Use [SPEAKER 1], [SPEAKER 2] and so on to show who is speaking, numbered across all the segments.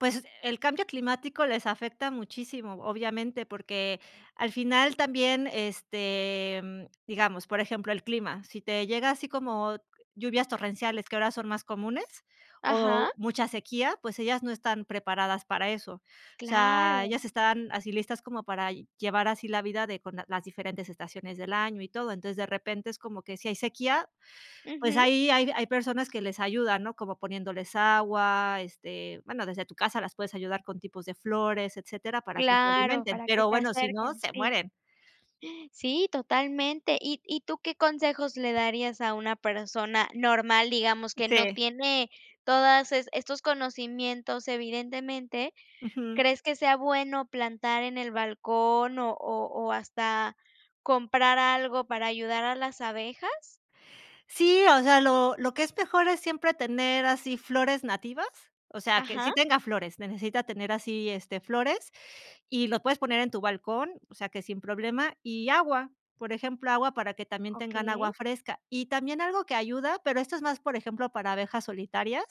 [SPEAKER 1] Pues, el cambio climático les afecta muchísimo, obviamente, porque al final también, este, mm, digamos, por ejemplo, el clima, si te llega así como lluvias torrenciales, que ahora son más comunes,
[SPEAKER 2] Ajá.
[SPEAKER 1] o, mucha sequía, pues ellas no están preparadas para eso. O sea,
[SPEAKER 2] Claro.
[SPEAKER 1] ellas están así listas como para llevar así la vida de con las diferentes estaciones del año y todo. Entonces, de repente es como que si hay sequía, pues,
[SPEAKER 2] Ujú.
[SPEAKER 1] ahí hay hay personas que les ayudan, ¿no? Como poniéndoles agua, este, bueno, desde tu casa las puedes ayudar con tipos de flores, etcétera, para que se
[SPEAKER 2] Claro,
[SPEAKER 1] alimenten,
[SPEAKER 2] para que
[SPEAKER 1] pero
[SPEAKER 2] se
[SPEAKER 1] bueno, si no,
[SPEAKER 2] acerquen,
[SPEAKER 1] se
[SPEAKER 2] sí.
[SPEAKER 1] mueren.
[SPEAKER 2] Sí, totalmente. ¿Y y tú qué consejos le darías a una persona normal?, digamos, que no
[SPEAKER 1] Sí.
[SPEAKER 2] tiene todas es estos conocimientos, evidentemente.
[SPEAKER 1] Ujú.
[SPEAKER 2] ¿Crees que sea bueno plantar en el balcón, o o o, hasta comprar algo para ayudar a las abejas?
[SPEAKER 1] Sí, o sea, lo lo que es mejor es siempre tener así flores nativas. O sea, que sí
[SPEAKER 2] Ajá.
[SPEAKER 1] tenga flores, necesita tener así, este, flores, y lo puedes poner en tu balcón, o sea, que sin problema, y agua, por ejemplo, agua para que también tengan
[SPEAKER 2] Okey.
[SPEAKER 1] agua fresca. Y también algo que ayuda, pero esto es más, por ejemplo, para abejas solitarias,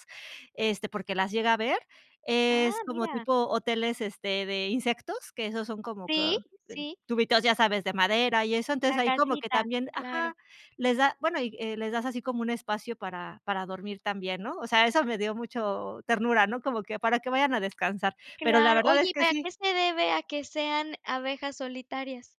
[SPEAKER 1] este, porque las llega a haber, es
[SPEAKER 2] ¡Ah,
[SPEAKER 1] como
[SPEAKER 2] mira!
[SPEAKER 1] tipo hoteles, este, de insectos, que esos son como co
[SPEAKER 2] Sí,
[SPEAKER 1] ten
[SPEAKER 2] sí.
[SPEAKER 1] tubitos, ya sabes, de madera y eso, entonces
[SPEAKER 2] La
[SPEAKER 1] ahí como que
[SPEAKER 2] casita,
[SPEAKER 1] también
[SPEAKER 2] claro.
[SPEAKER 1] ajá, les da, bueno, eh, y les das así como un espacio para para dormir también, ¿no? O sea, eso me dio mucho ternura, ¿no? Como que para que vayan a descansar. Pero la
[SPEAKER 2] Claro.
[SPEAKER 1] verdad
[SPEAKER 2] Oye,
[SPEAKER 1] es
[SPEAKER 2] ¿y
[SPEAKER 1] que
[SPEAKER 2] para qué
[SPEAKER 1] sí
[SPEAKER 2] se debe a que sean abejas solitarias?